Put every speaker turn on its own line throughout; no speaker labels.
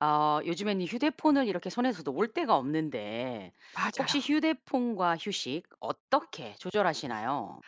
어. 요즘에는 이 휴대폰을 이렇게 손에서 놓을 때가 없는데 혹시
맞아요.
휴대폰과 휴식 어떻게 조절하시나요?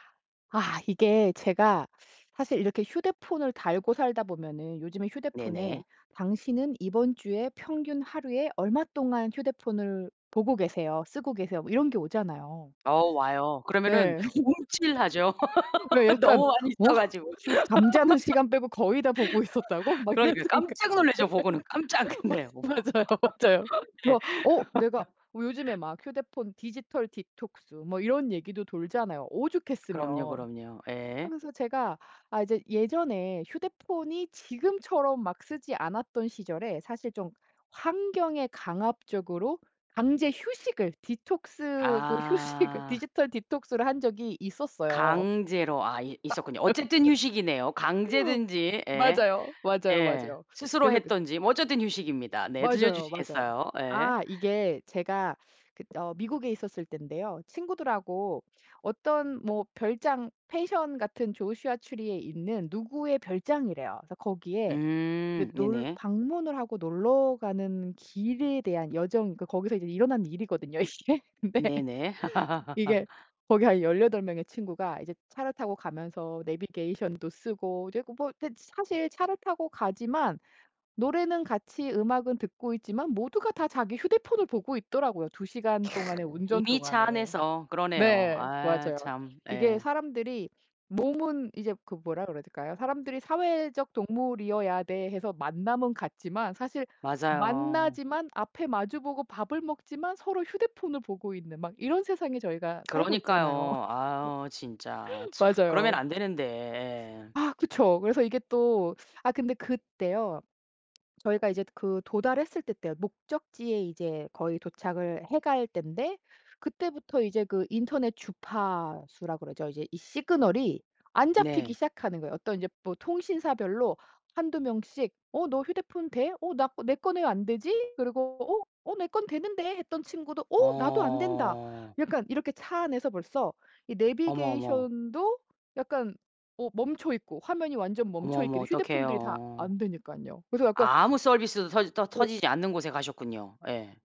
아. 이게 제가 사실 이렇게 휴대폰을 달고 살다 보면은 요즘에 휴대폰에
네네.
당신은 이번 주에 평균 하루에 얼마 동안 휴대폰을 보고 계세요 쓰고 계세요 뭐 이런 게 오잖아요.
어 와요. 그러면은
네.
움찔하죠.
왜 약간
너무 많이
'어?
써 가지고.
잠자는 시간 빼고 거의 다 보고 있었다고?' 막 이런
그러니까
생각
깜짝
예.
놀라죠 보고는 깜짝. 네. 어머.
맞 맞아요, 맞아요.
네.
그래서 어 내가 요즘에 막 휴대폰 디지털 디톡스 뭐 이런 얘기도 돌잖아요
그럼요,
오죽했으면.
그럼요. 예.
하면서 제가 아 이제 예전에 휴대폰이 지금처럼 막 쓰지 않았던 시절에 사실 좀 환경에 강압적으로 강제 휴식을 디톡스 그 휴식을
아.
디지털 디톡스를 한 적이 있었어요.
강제로 아 이 있었군요. 어쨌든 휴식이네요 강제든지 예.
맞아요. 맞아요,
예.
맞아요.
스스로
그래서 그
했든지 뭐 어쨌든 휴식입니다. 네.
맞아요. 맞아요.
들려주시겠어요? 예.
아 이게 제가 그 어 미국에 있었을 땐데요. 친구들하고 어떤 뭐 별장 펜션 같은 조슈아 트리에 있는 누구의 별장이래요. 그래서 거기에 이제
음.
놀
네네.
방문을 하고 놀러 가는 길에 대한 여정 그러니까 거기서 이제 일어난 일이거든요 이게. 근데
네네.
이게 거기 한 18 명의 친구가 이제 차를 타고 가면서 내비게이션도 쓰고 이제 고 뭐 네 지 사실 차를 타고 가지만 노래는 같이 음악은 듣고 있지만 모두가 다 자기 휴대폰을 보고 있더라고요 2 시간
캬.
동안에 운전
이미 차
동안에.
안에서. 그러네요.
네.
아
맞아요.
참.
이게
예.
사람들이 몸은 이제 그 뭐라 그래야 될까요? 사람들이 사회적 동물이어야 돼 해서 만남은 갖지만 사실
맞아요.
만나지만 앞에 마주 보고 밥을 먹지만 서로 휴대폰을 보고 있는 막 이런 세상에 저희가 살고 있잖아요.
그러니까요. 아유 진짜 참 그러면
맞아요.
안 되는데 예.
아 그쵸. 그래서 이게 또 아 근데 그때요. 저희가 이제 그 도달했을 때 때요. 목적지에 이제 거의 도착을 해 갈 땐데 그때부터 이제 그 인터넷 주파수라 그러죠. 이제 이 시그널이 안 잡히기
네.
시작하는 거예요. 어떤 이제 뭐 통신사별로 1-2 명씩 "어 너 휴대폰 돼? 어 나 거 내 거는 왜 안 되지?" 그리고 "어? 어 내 건 되는데." 했던 친구도 "어. 나도 안 된다."
어.
약간 이렇게 차 안에서 벌써 이
어머, 어머.
내비게이션도 약간 어 멈춰있고 화면이 완전
어머, 어머
멈춰있게도 휴대폰들이 다
어떡해요.
안 되니깐요. 그래서 약간
아무 서비스도 터지 터
오.
터지지 않는 곳에 가셨군요 예.